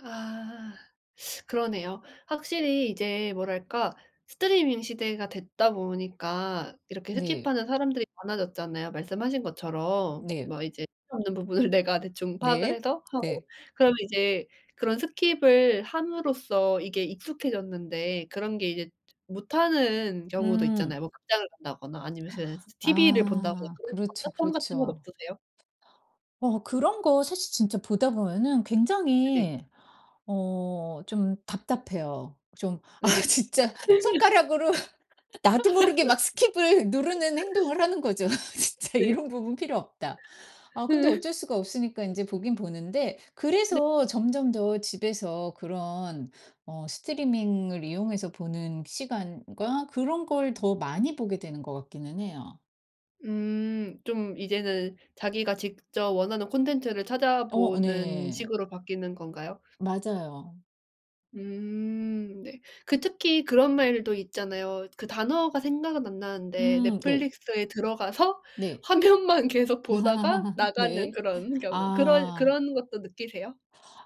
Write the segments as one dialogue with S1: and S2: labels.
S1: 아 그러네요. 확실히 이제 뭐랄까 스트리밍 시대가 됐다 보니까 이렇게
S2: 네.
S1: 스킵하는 사람들이 많아졌잖아요 말씀하신 것처럼.
S2: 네.
S1: 막 이제 필요 없는 부분을 내가 대충 파악을
S2: 네.
S1: 해서 하고.
S2: 네.
S1: 그러면 이제 그런 스킵을 함으로써 이게 익숙해졌는데 그런 게 이제 못하는 경우도
S2: 음.
S1: 있잖아요. 뭐 극장을 간다거나 아니면 무슨 스 스 티브이를 본다거나
S2: 아.
S1: 그럴 때
S2: 그렇죠
S1: 답답함 같은 건
S2: 그렇죠.
S1: 없으세요?
S2: 어 그런 거 사실 진짜 보다 보면은
S1: 네.
S2: 굉장히 어 좀 답답해요. 좀 아
S1: 네.
S2: 진짜 손가락으로 나도 모르게 막 스킵을 누르는 행동을 하는 거죠. 아 진짜
S1: 네.
S2: '이런 부분 필요 없다.' 아 근데
S1: 으.
S2: 어쩔 수가 없으니까 이제 보긴 보는데
S1: 네.
S2: 그래서 점점 더 집에서 그런 어 스트리밍을 이용해서 보는 시간과 그런 걸 더 많이 보게 되는 것 같기는 해요.
S1: 음 좀 이제는 자기가 직접 원하는 콘텐츠를
S2: 어.
S1: 찾아보는
S2: 네.
S1: 식으로 바뀌는 건가요?
S2: 맞아요.
S1: 음. 네. 그 특히 그런 말도 있잖아요. 그 단어가 생각은 안 나는데
S2: 음 네.
S1: 넷플릭스에 들어가서
S2: 네.
S1: 화면만 계속 보다가 나가는
S2: 네.
S1: 그런 경우 그런
S2: 아.
S1: 그런 것도 느끼세요?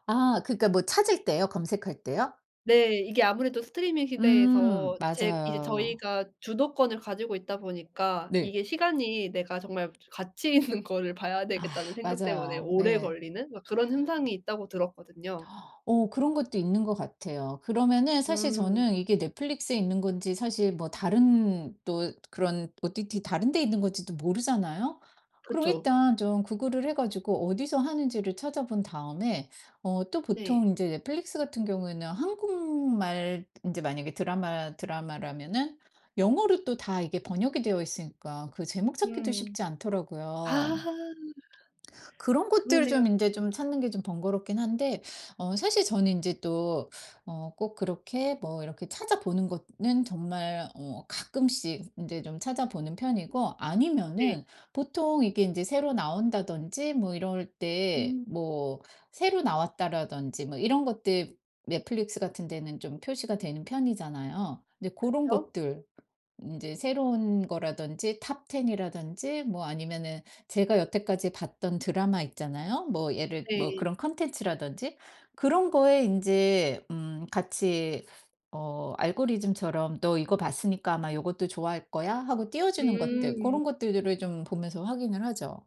S2: 아 그니까 뭐 찾을 때요? 검색할 때요?
S1: 네. 이게 아무래도 스트리밍 시대에서
S2: 음
S1: 제 이제
S2: 맞아요.
S1: 저희가 주도권을 가지고 있다 보니까
S2: 네.
S1: 이게 시간이 '내가 정말 가치 있는 거를 봐야
S2: 아
S1: 되겠다.'는 생각 때문에
S2: 맞아요.
S1: 오래
S2: 네.
S1: 걸리는 막 그런 현상이 있다고 들었거든요.
S2: 어 그런 것도 있는 것 같아요. 그러면은 사실
S1: 음.
S2: 저는 이게 넷플릭스에 있는 건지 사실 뭐 다른 또 그런 OTT 다른 데 있는 건지도 모르잖아요. 그럼
S1: 그쵸.
S2: 일단 좀 구글을 해 가지고 어디서 하는지를 찾아본 다음에 어 또
S1: 네.
S2: 보통 이제 넷플릭스 같은 경우에는 한국말 인제 만약에 드라마 드라마라면은 영어로 또 다 이게 번역이 되어 있으니까 그 제목 찾기도
S1: 음.
S2: 쉽지
S1: 아.
S2: 않더라고요. 그런 것들
S1: 그러네요.
S2: 좀 인제 좀 찾는 게 좀 번거롭긴 한데 어 사실 저는 인제 또 어 꼭 그렇게 뭐 이렇게 찾아보는 것 는 정말 어 가끔씩 인제 좀 찾아보는 편이고
S1: 네.
S2: 아니면은 보통 이게 인제 새로 나온다든지 뭐 이럴 때
S1: 음.
S2: 뭐 새로 나왔다라든지 뭐 이런 것들 넷플릭스 같은 데는 좀 표시가 되는 편이잖아요. 네 고런
S1: 그쵸.
S2: 것들 인제 새로운 거라든지 Top 10 이라든지 뭐 아니면은 제가 여태까지 봤던 드라마 있잖아요. 뭐 예를 뭐
S1: 네.
S2: 그런 콘텐츠라든지. 그런 거에 인제 음 같이 어 알고리즘처럼 "너 이거 봤으니까 아마 요것도 좋아할 거야." 하고 띄워주는 것들
S1: 음.
S2: 고런 것들 들을 좀 보면서 확인을 하죠.